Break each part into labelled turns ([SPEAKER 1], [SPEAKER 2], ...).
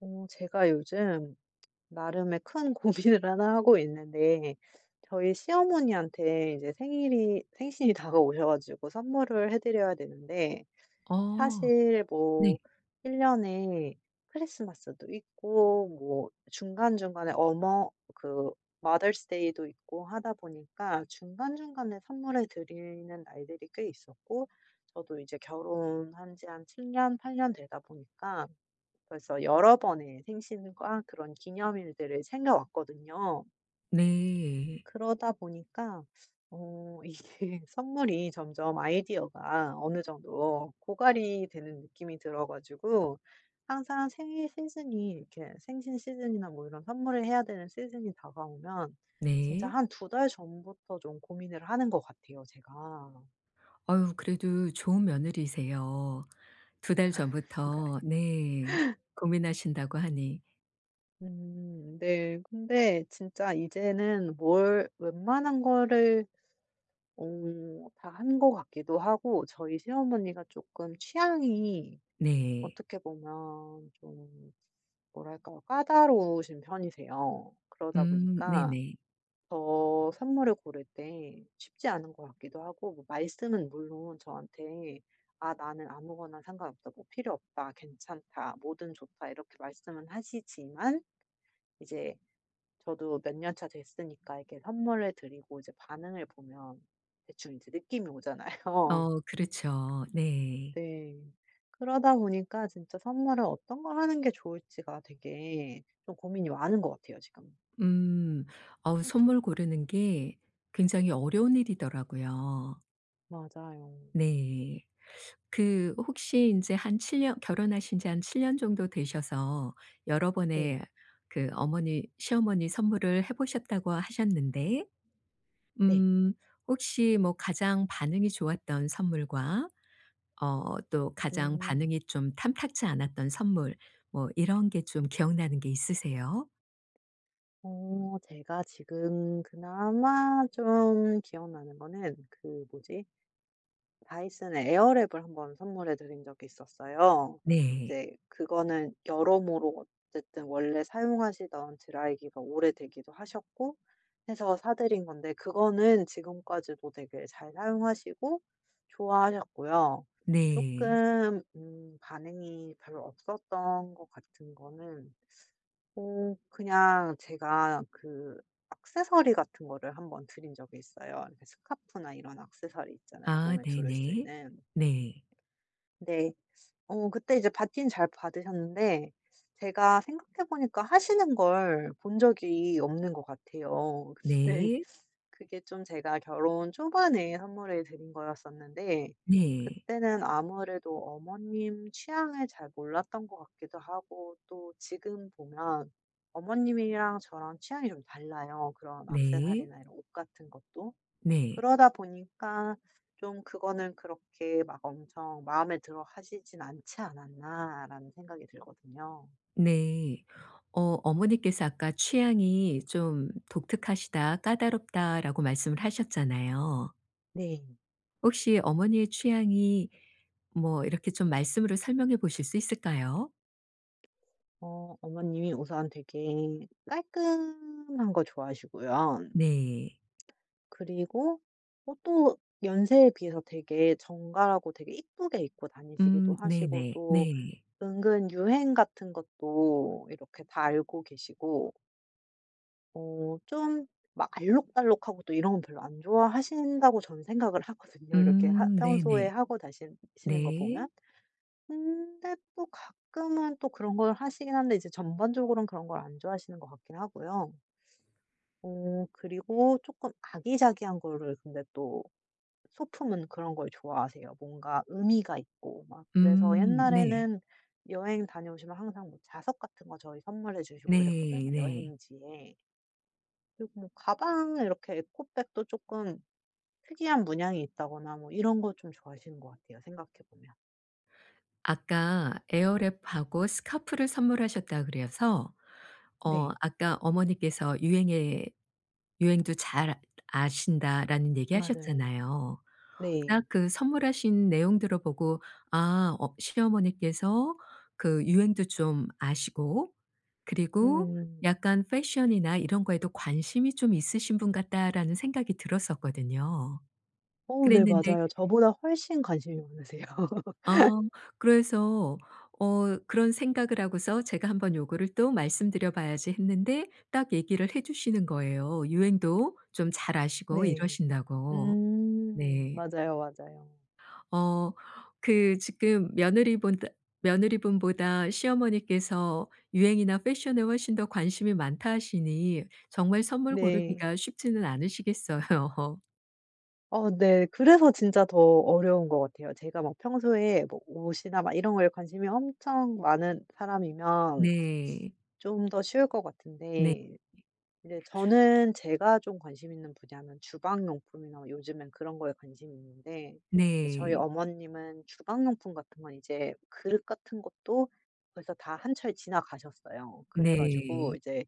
[SPEAKER 1] 어 제가 요즘 나름의 큰 고민을 1 하고 있는데 저희 시어머니한테 이제 생일이 생신이 다가오셔 가지고 선물을 해드려야 되는데
[SPEAKER 2] 어
[SPEAKER 1] 사실
[SPEAKER 2] 네.
[SPEAKER 1] 뭐 1 년에 크리스마스도 있고 뭐 중간중간에 어머 그 마더스데이도 있고 하다 보니까 중간중간에 선물해 드리는 날들이 꽤 있었고 저도 이제 결혼한 지 한 7 년, 8 년 되다 보니까 벌써 여러 번의 생신과 그런 기념일들을 챙겨 왔거든요.
[SPEAKER 2] 네.
[SPEAKER 1] 그러다 보니까 어 이게 선물이 점점 아이디어가 어느 정도 고갈이 되는 느낌이 들어 가지고 항상 생일 시즌이 이렇게 생신 시즌이나 뭐 이런 선물을 해야 되는 시즌이 다가오면 진짜
[SPEAKER 2] 네.
[SPEAKER 1] 한 2 달 전부터 좀 고민을 하는 것 같아요 제가.
[SPEAKER 2] 어 그래도 좋은 며느리세요. 2 달 전부터
[SPEAKER 1] 그런가요?
[SPEAKER 2] 네. 고민하신다고 하니.
[SPEAKER 1] 음. 네. 근데 진짜 이제는 뭘 웬만한 거를 어 다 한 것 같기도 하고 저희 시어머니가 쪼끔 취향이
[SPEAKER 2] 네.
[SPEAKER 1] 어떻게 보면 좀 뭐랄까, 까다로우신 편이세요. 그러다
[SPEAKER 2] 음.
[SPEAKER 1] 보니까
[SPEAKER 2] 네네.
[SPEAKER 1] 더 선물을 고를 때 쉽지 않은 것 같기도 하고 뭐 말씀은 물론 저한테 "아 나는 아무거나 상관없다. 뭐 필요없다. 괜찮다. 뭐든 좋다." 이렇게 말씀은 하시지만 이제 저도 몇 년 차 됐으니까 이렇게 선물을 드리고 이제 반응을 보면 대충 이제 느낌이 오잖아요.
[SPEAKER 2] 어우 그렇죠. 네.
[SPEAKER 1] 네. 그러다 보니까 진짜 선물을 어떤 걸 하는 게 좋을지가 되게 좀 고민이 많은 것 같아요 지금.
[SPEAKER 2] 음. 어우 선물 고르는 게 굉장히 어려운 일이더라고요.
[SPEAKER 1] 맞아요.
[SPEAKER 2] 네. 그 혹시 인제 한 7 년 결혼하신 지 한 7 정도 되셔서 여러
[SPEAKER 1] 네.
[SPEAKER 2] 번의 그 어머니 시어머니 선물을 해 보셨다고 하셨는데
[SPEAKER 1] 네.
[SPEAKER 2] 음 혹시 뭐 가장 반응이 좋았던 선물과 어 또 가장
[SPEAKER 1] 음.
[SPEAKER 2] 반응이 좀 탐탁지 않았던 선물 뭐 이런 게 좀 기억나는 게 있으세요?
[SPEAKER 1] 어 제가 지금 그나마 좀 기억나는 거는 그 뭐지? 다이슨의 에어랩을 1 번 선물해 드린 적이 있었어요.
[SPEAKER 2] 네.
[SPEAKER 1] 이제 그거는 여러모로 어쨌든 원래 사용하시던 드라이기가 오래되기도 하셨고 해서 사드린 건데 그거는 지금까지도 되게 잘 사용하시고 좋아하셨고요.
[SPEAKER 2] 네.
[SPEAKER 1] 조금 음 반응이 별로 없었던 것 같은 거는 어 그냥 제가 그 액세서리 같은 거를 1 번 드린 적이 있어요. 이렇게 스카프나 이런 액세서리 있잖아요,
[SPEAKER 2] 아
[SPEAKER 1] 몸에 두를 수
[SPEAKER 2] 네네.
[SPEAKER 1] 있는.
[SPEAKER 2] 네.
[SPEAKER 1] 네. 어 그때 이제 받긴 잘 받으셨는데 제가 생각해 보니까 하시는 걸 본 적이 없는 것 같아요. 네.
[SPEAKER 2] 네.
[SPEAKER 1] 그게 좀 제가 결혼 초반에 선물해 드린 거였었는데
[SPEAKER 2] 네.
[SPEAKER 1] 그때는 아무래도 어머님 취향을 잘 몰랐던 것 같기도 하고 또 지금 보면 어머님이랑 저랑 취향이 좀 달라요, 그런
[SPEAKER 2] 네.
[SPEAKER 1] 액세서리나 이런 옷 같은 것도.
[SPEAKER 2] 네.
[SPEAKER 1] 그러다 보니까 '좀 그거는 그렇게 막 엄청 마음에 들어 하시진 않지 않았나.'라는 생각이 들거든요.
[SPEAKER 2] 네. 어 어머니께서 아까 "취향이 좀 독특하시다, 까다롭다."라고 말씀을 하셨잖아요.
[SPEAKER 1] 네.
[SPEAKER 2] 혹시 어머니의 취향이 뭐 이렇게 좀 말씀으로 설명해 보실 수 있을까요?
[SPEAKER 1] 어. 어머님이 우선 되게 깔끔한 거 좋아하시고요.
[SPEAKER 2] 네.
[SPEAKER 1] 그리고 어 또 연세에 비해서 되게 정갈하고 되게 예쁘게 입고 다니시기도
[SPEAKER 2] 음
[SPEAKER 1] 하시고
[SPEAKER 2] 네네.
[SPEAKER 1] 또
[SPEAKER 2] 네.
[SPEAKER 1] 은근 유행 같은 것도 이렇게 다 알고 계시고 어 좀 막 알록달록하고 또 이런 거 별로 안 좋아하신다고 저는 생각을 하거든요 이렇게 하
[SPEAKER 2] 음
[SPEAKER 1] 평소에
[SPEAKER 2] 네네.
[SPEAKER 1] 하고 다신 시는 거 보면.
[SPEAKER 2] 네.
[SPEAKER 1] 근데 또 가끔은 또 그런 걸 하시긴 하는데 이제 전반적으로는 그런 걸 안 좋아하시는 것 같긴 하고요. 어 그리고 쪼끔 아기자기한 거를 근데 또 소품은 그런 걸 좋아하세요. 뭔가 의미가 있고. 막 그래서
[SPEAKER 2] 음 네.
[SPEAKER 1] 옛날에는 여행 다녀오시면 항상 뭐 자석 같은 거 저희 선물해 주시고 이랬거든요
[SPEAKER 2] 네 네.
[SPEAKER 1] 여행지의. 그리고 뭐 가방에 이렇게 에코백도 조금 특이한 문양이 있다거나 뭐 이런 거 좀 좋아하시는 것 같아요 생각해 보면.
[SPEAKER 2] 아까 에어랩 하고 스카프를 선물하셨다 그래서 어
[SPEAKER 1] 네.
[SPEAKER 2] 아까 어머니께서 유행에 유행도 잘 아 아신다라는 얘기
[SPEAKER 1] 맞아요.
[SPEAKER 2] 하셨잖아요.
[SPEAKER 1] 네.
[SPEAKER 2] 딱 그 선물하신 내용 들어보고 '아. 어 시어머니께서 그 유행도 좀 아시고 그리고
[SPEAKER 1] 음.
[SPEAKER 2] 약간 fashion이나 이런 거에도 관심이 좀 있으신 분 같다.'라는 생각이 들었었거든요.
[SPEAKER 1] 어 네.
[SPEAKER 2] 그랬는데
[SPEAKER 1] 맞아요. 저보다 훨씬 관심이 많으세요.
[SPEAKER 2] 어. 그래서 어 그런 생각을 하고서 제가 '한번 요거를 또 말씀드려봐야지.' 했는데 딱 얘기를 해주시는 거예요. 유행도 좀 잘 아시고
[SPEAKER 1] 네.
[SPEAKER 2] 이러신다고.
[SPEAKER 1] 음.
[SPEAKER 2] 네.
[SPEAKER 1] 맞아요, 맞아용.
[SPEAKER 2] 어. 그 지금 며느리본다 며느리분보다 시어머니께서 유행이나 fashion에 훨씬 더 관심이 많다 하시니 정말 선물
[SPEAKER 1] 네.
[SPEAKER 2] 고르기가 쉽지는 않으시겠어요.
[SPEAKER 1] 어 네. 그래서 진짜 더 어려운 것 같아요. 제가 막 평소에 뭐 옷이나 막 이런 거에 관심이 엄청 많은 사람이면
[SPEAKER 2] 네.
[SPEAKER 1] 좀 더 쉬울 것
[SPEAKER 2] 네
[SPEAKER 1] 같은데 근데 저는 제가 좀 관심 있는 분야는 주방 용품이나 요즘엔 그런 거에 관심이 있는데 이제 저희
[SPEAKER 2] 네.
[SPEAKER 1] 어머님은 주방 용품 같은 건 이제 그릇 같은 것도 벌써 다 한철 지나가셨어요. 그래 가지고
[SPEAKER 2] 네.
[SPEAKER 1] 이제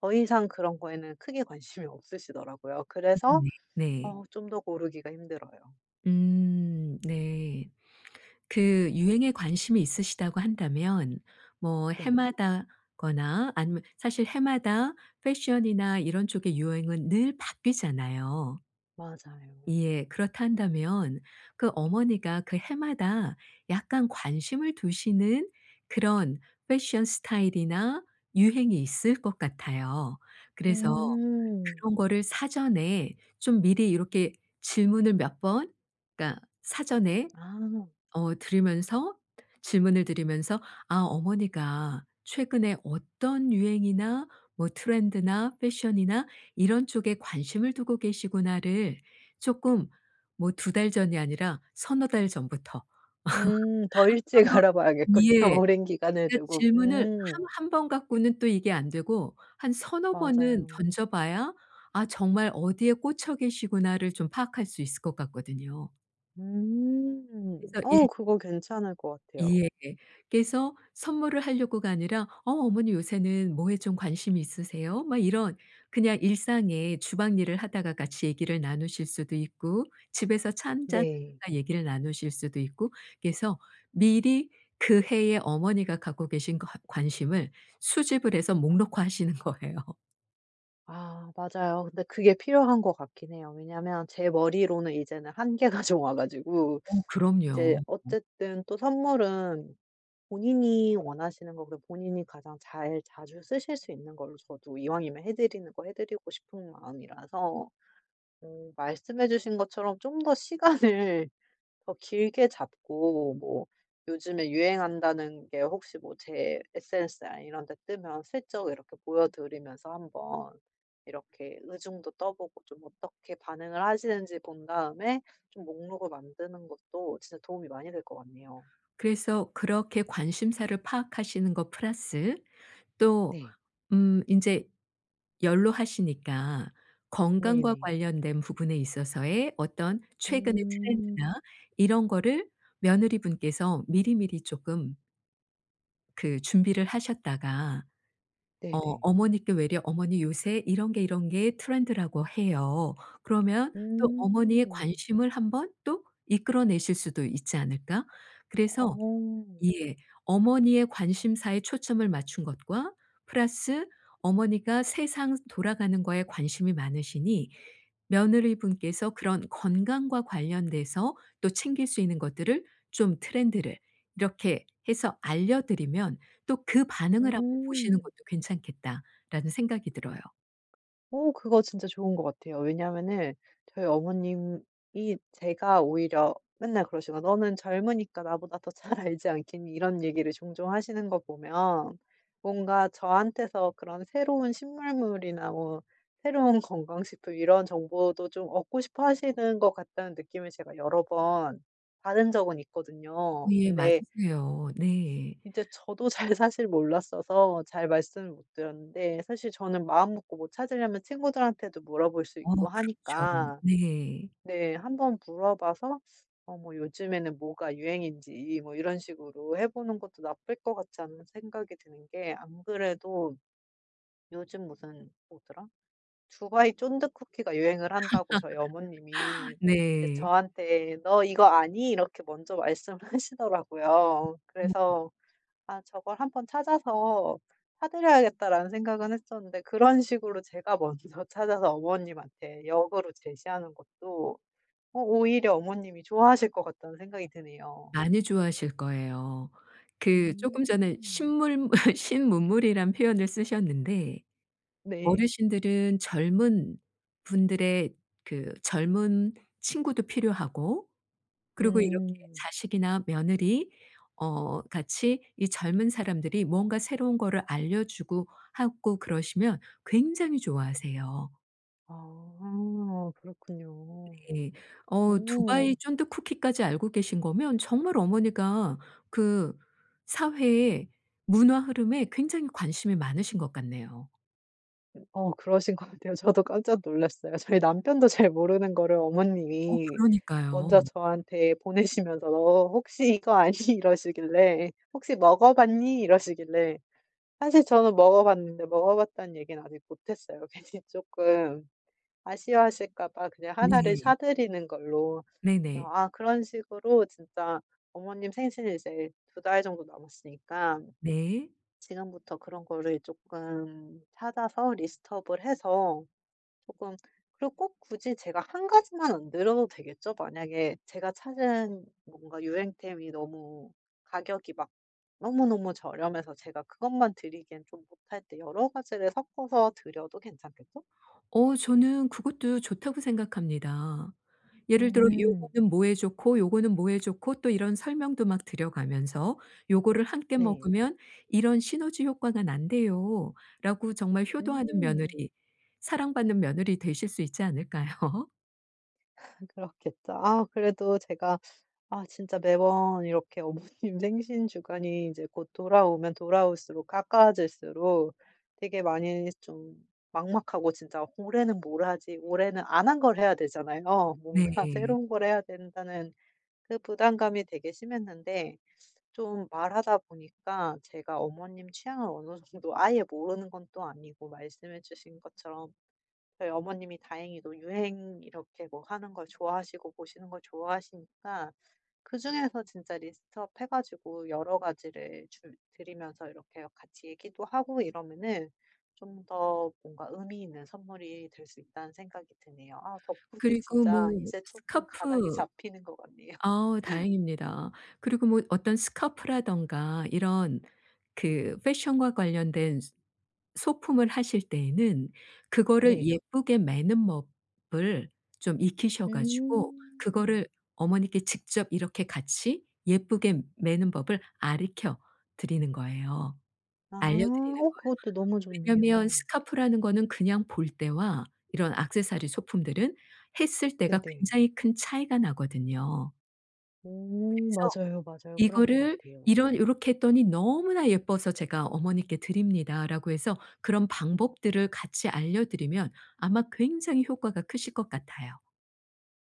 [SPEAKER 1] 더 이상 그런 거에는 크게 관심이 없으시더라고요. 그래서
[SPEAKER 2] 음. 네, 네.
[SPEAKER 1] 어 좀 더 고르기가 힘들어요.
[SPEAKER 2] 음 네. 그 유행에 관심이 있으시다고 한다면 뭐
[SPEAKER 1] 네.
[SPEAKER 2] 해마다거나 아니면 사실 해마다 패션이나 이런 쪽의 유행은 늘 바뀌잖아요.
[SPEAKER 1] 맞아요.
[SPEAKER 2] 예. 그렇다 한다면 그 어머니가 그 해마다 약간 관심을 두시는 그런 패션 스타일이나 유행이 있을 것 같아요. 그래서
[SPEAKER 1] 음.
[SPEAKER 2] 그런 거를 사전에 좀 미리 이렇게 질문을 몇 번 그러니까 사전에
[SPEAKER 1] 아.
[SPEAKER 2] 어 들으면서 질문을 드리면서 아 어머니가 최근에 어떤 유행이나 뭐 트렌드나 패션이나 이런 쪽에 '관심을 두고 계시구나.'를 조금 뭐 2 달 전이 아니라 서너 달 전부터
[SPEAKER 1] 음 더 일찍
[SPEAKER 2] 한번
[SPEAKER 1] 알아 봐야겠군요,
[SPEAKER 2] 예.
[SPEAKER 1] 오랜 기간을
[SPEAKER 2] 그러니까
[SPEAKER 1] 두고.
[SPEAKER 2] 질문을 한
[SPEAKER 1] 음.
[SPEAKER 2] 1 번 갖고는 또 이게 안 되고 한 서너 번은
[SPEAKER 1] 맞아요.
[SPEAKER 2] 던져 봐야 '아 정말 어디에 꽂혀 계시구나.'를 좀 파악할 수 있을 것 같거든요.
[SPEAKER 1] 음.
[SPEAKER 2] 그래서 일
[SPEAKER 1] 어 그거 괜찮을 것 같아요.
[SPEAKER 2] 예. 그래서 선물을 하려고가 아니라 "어 어머니 요새는 뭐에 좀 관심이 있으세요?" 막 이런 그냥 일상에 주방 일을 하다가 같이 얘기를 나누실 수도 있고 집에서 차 1 잔
[SPEAKER 1] 네.
[SPEAKER 2] 하다가 얘기를 나누실 수도 있고 그래서 미리 그 해에 어머니가 갖고 계신 과 관심을 수집을 해서 목록화하시는 거예요.
[SPEAKER 1] 아 맞아요. 근데 그게 필요한 것 같긴 해요. 왜냐하면 제 머리로는 이제는 한계가 좀 와 가지고.
[SPEAKER 2] 어
[SPEAKER 1] 이제
[SPEAKER 2] 그럼요. 어.
[SPEAKER 1] 어쨌든 또 선물은 본인이 원하시는 거 그리고 본인이 가장 잘 자주 쓰실 수 있는 걸로 저도 이왕이면 해드리는 거 해드리고 싶은 마음이라서 음 말씀해 주신 것처럼 좀 더 시간을 더 길게 잡고 뭐 요즘에 유행한다는 게 혹시 뭐 제 SNS나 이런 데 뜨면 슬쩍 이렇게 보여 드리면서 한번 이렇게 의중도 떠 보고 좀 어떻게 반응을 하시는지 본 다음에 좀 목록을 만드는 것도 진짜 도움이 많이 될 것 같네요.
[SPEAKER 2] 그래서 그렇게 관심사를 파악하시는 것 플러스 또
[SPEAKER 1] 네.
[SPEAKER 2] 음 인제 연로하시니까 건강과
[SPEAKER 1] 네네.
[SPEAKER 2] 관련된 부분에 있어서의 어떤 최근의
[SPEAKER 1] 음.
[SPEAKER 2] 트렌드나 이런 거를 며느리분께서 미리미리 쪼끔 그 준비를 하셨다가 어
[SPEAKER 1] 네네.
[SPEAKER 2] 어머니께 외려 "어머니 요새 이런 게 이런 게 트렌드라고 해요." 그러면 또 어머니의
[SPEAKER 1] 음.
[SPEAKER 2] 관심을 1 번 또 이끌어 내실 수도 있지 않을까? 그래서
[SPEAKER 1] 어.
[SPEAKER 2] 예. '어머니의 관심사에 초점을 맞춘 것과 플러스 어머니가 세상 돌아가는 거에 관심이 많으시니 며느리분께서 그런 건강과 관련돼서 또 챙길 수 있는 것들을 좀 트렌드를 이렇게 해서 알려드리면 또 그 반응을 1 번 보시는
[SPEAKER 1] 음.
[SPEAKER 2] 것도 괜찮겠다.'라는 생각이 들어요.
[SPEAKER 1] 어 그거 진짜 좋은 것 같아요. 왜냐하면은 저희 어머님이 제가 오히려 맨날 그러시거든요. "너는 젊으니까 나보다 더 잘 알지 않겠니?" 이런 얘기를 종종 하시는 거 보면 뭔가 '저한테서 그런 새로운 신문물이나 뭐 새로운 건강 식품 이런 정보도 좀 얻고 싶어 하시는 것 같다.'는 느낌을 제가 여러 번 받은 적은
[SPEAKER 2] 어
[SPEAKER 1] 있거든요.
[SPEAKER 2] 예.
[SPEAKER 1] 근데
[SPEAKER 2] 맞으세요. 네.
[SPEAKER 1] 이제 저도 잘 사실 몰랐어서 잘 말씀을 못 드렸는데 사실 저는 마음 먹고 뭐 찾으려면 친구들한테도 물어볼 수
[SPEAKER 2] 어우
[SPEAKER 1] 있고
[SPEAKER 2] 그렇죠.
[SPEAKER 1] 하니까
[SPEAKER 2] 네.
[SPEAKER 1] 네. 한번 물어봐서 어 뭐 요즘에는 뭐가 유행인지 이 뭐 이런 식으로 해 보는 것도 나쁠 것 같지 않은 생각이 드는 게 안 그래도 요즘 무슨 뭐더라? 두바이 쫀득 쿠키가 유행을 한다고 저희 어머님이 이제
[SPEAKER 2] 네.
[SPEAKER 1] 저한테 "너 이거 아니?" 이렇게 먼저 말씀을 하시더라고요.
[SPEAKER 2] [unintelligible]
[SPEAKER 1] 그래서 '아 저걸 1 번 찾아서 사 드려야겠다.'라는 생각은 했었는데 그런 식으로 제가 먼저 찾아서 어머님한테 역으로 제시하는 것도 어 오히려 '어머님이 좋아하실 것 같다.'는 생각이 드네요.
[SPEAKER 2] 많이 좋아하실 거예요. 그 쪼끔 전에
[SPEAKER 1] 음.
[SPEAKER 2] 신물물 신문물이란 표현을 쓰셨는데
[SPEAKER 1] 네.
[SPEAKER 2] 어르신들은 젊은 분들의 그 젊은 친구도 필요하고 그리고 이렇게
[SPEAKER 1] 음.
[SPEAKER 2] 자식이나 며느리 어 같이 이 젊은 사람들이 뭔가 새로운 거를 알려 주고 하고 그러시면 굉장히 좋아하세요.
[SPEAKER 1] 아 그렇군요.
[SPEAKER 2] 네. 어
[SPEAKER 1] 오.
[SPEAKER 2] 두바이 쫀득 쿠키까지 알고 계신 거면 정말 어머니가 그 사회의 문화 흐름에 굉장히 관심이 많으신 것 같네요.
[SPEAKER 1] 음 어 그러신 것 같아요. 저도 깜짝 놀랐어요. 저희 남편도 잘 모르는 거를
[SPEAKER 2] 어
[SPEAKER 1] 어머님이
[SPEAKER 2] 그러니까요.
[SPEAKER 1] 먼저 저한테 보내시면서 "혹시 이거 아니?" 이러시길래 "혹시 먹어 봤니?" 이러시길래 사실 저는 먹어 봤는데 먹어 봤다는 얘기는 아직 못했어요. 괜히 조금 아쉬워하실까 봐 그냥 1 를
[SPEAKER 2] 네.
[SPEAKER 1] 사드리는 걸로.
[SPEAKER 2] 네네.
[SPEAKER 1] 아 그런 식으로 진짜 어머님 생신이 이제 2 달 정도 남았으니까.
[SPEAKER 2] 네.
[SPEAKER 1] 지금부터 그런 거를 쪼끔 찾아서 리스트업을 해서 쪼끔 그리고 꼭 굳이 제가 1 가지만 안 드려도 되겠죠? 만약에 제가 찾은 뭔가 유행템이 너무 가격이 막 너무너무 저렴해서 제가 그것만 드리기엔 좀 뭣할 때 여러 가지를 섞어서 드려도 괜찮겠죠?
[SPEAKER 2] 어 저는 그것도 좋다고 생각합니다. 예를 들어
[SPEAKER 1] 음.
[SPEAKER 2] 요거는 뭐에 좋고 요거는 뭐에 좋고 또 이런 설명도 막 드려 가면서 "요거를 함께
[SPEAKER 1] 네.
[SPEAKER 2] 먹으면 이런 시너지 효과가 난대요."라고 정말 효도하는
[SPEAKER 1] 오.
[SPEAKER 2] 며느리 사랑받는 며느리 되실 수 있지 않을까요?
[SPEAKER 1] 그렇겠죠. 아. 그래도 제가 아 진짜 매번 이렇게 어머님 생신 주간이 이제 곧 돌아오면 돌아올수록, 가까워질수록 되게 많이 좀 막막하고 진짜 '올해는 뭘 하지?' 올해는 안 한 걸 해야 되잖아요. 뭔가
[SPEAKER 2] 네.
[SPEAKER 1] 새로운 걸 해야 된다는 그 부담감이 되게 심했는데 좀 말하다 보니까 제가 어머님 취향을 어느 정도 아예 모르는 건 또 아니고, 말씀해 주신 것처럼. 저희 어머님이 다행히도 유행 이렇게 뭐 하는 걸 좋아하시고 보시는 걸 좋아하시니까 그중에서 진짜 리스트업 해 가지고 여러 가지를 줄 드리면서 이렇게 같이 얘기도 하고 이러면은 좀 더 뭔가 의미 있는 선물이 될 수 있다는 생각이 드네요. 아 덕분에
[SPEAKER 2] 그리고
[SPEAKER 1] 진짜
[SPEAKER 2] 뭐
[SPEAKER 1] 이제 쪼끔 가닥이
[SPEAKER 2] 스카프
[SPEAKER 1] 잡히는 것 같네요.
[SPEAKER 2] 아. 다행입니다. 그리고 뭐 어떤 스카프라든가 이런 그 fashion과 관련된 스 소품을 하실 때에는 그거를
[SPEAKER 1] 네.
[SPEAKER 2] 예쁘게 매는 법을 좀 익히셔 가지고 그거를
[SPEAKER 1] 음.
[SPEAKER 2] 어머니께 직접 이렇게 같이 예쁘게 매는 법을 알으켜 드리는 거예요.
[SPEAKER 1] 아.
[SPEAKER 2] 알려 드리는 거예요.
[SPEAKER 1] 어 그것도 너무
[SPEAKER 2] 왜냐하면
[SPEAKER 1] 좋네요.
[SPEAKER 2] 스카프라는 거는 그냥 볼 때와 이런 액세서리 소품들은 했을 때가
[SPEAKER 1] 네네.
[SPEAKER 2] 굉장히 큰 차이가 나거든요.
[SPEAKER 1] 어.
[SPEAKER 2] 그래서
[SPEAKER 1] 맞아요, 맞아요. 그런 것
[SPEAKER 2] "이거를
[SPEAKER 1] 같아요.
[SPEAKER 2] 이런 요렇게 했더니 너무나 예뻐서 제가 어머니께 드립니다."라고 해서 그런 방법들을 같이 알려 드리면 아마 굉장히 효과가 크실 것 같아요.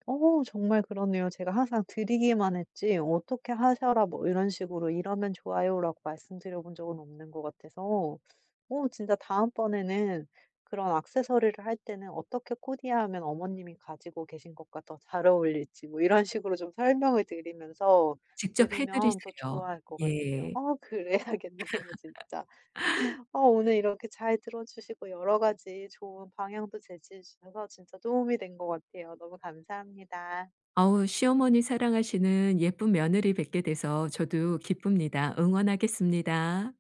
[SPEAKER 1] 어. 정말 그러네요. 제가 항상 드리기만 했지 어떻게 하셔라 뭐 이런 식으로 "이러면 좋아요."라고 말씀드려 본 적은 없는 것 같아서. 어 진짜 다음 번에는 그런 액세서리를 할 때는 어떻게 코디하면 어머님이 가지고 계신 것과 더 잘 어울릴지 뭐 이런 식으로 좀 설명을 드리면서
[SPEAKER 2] 직접 해
[SPEAKER 1] 드리면 더
[SPEAKER 2] 드리세요.
[SPEAKER 1] 좋아할 것 같아요.
[SPEAKER 2] 예.
[SPEAKER 1] 아. 그래야겠네요 진짜. 어 오늘 이렇게 잘 들어 주시고 여러 가지 좋은 방향도 제시해 주셔서 진짜 도움이 된 것 같아요. 너무 감사합니다.
[SPEAKER 2] 어우 시어머니 사랑하시는 예쁜 며느리 뵙게 돼서 저도 기쁩니다. 응원하겠습니다.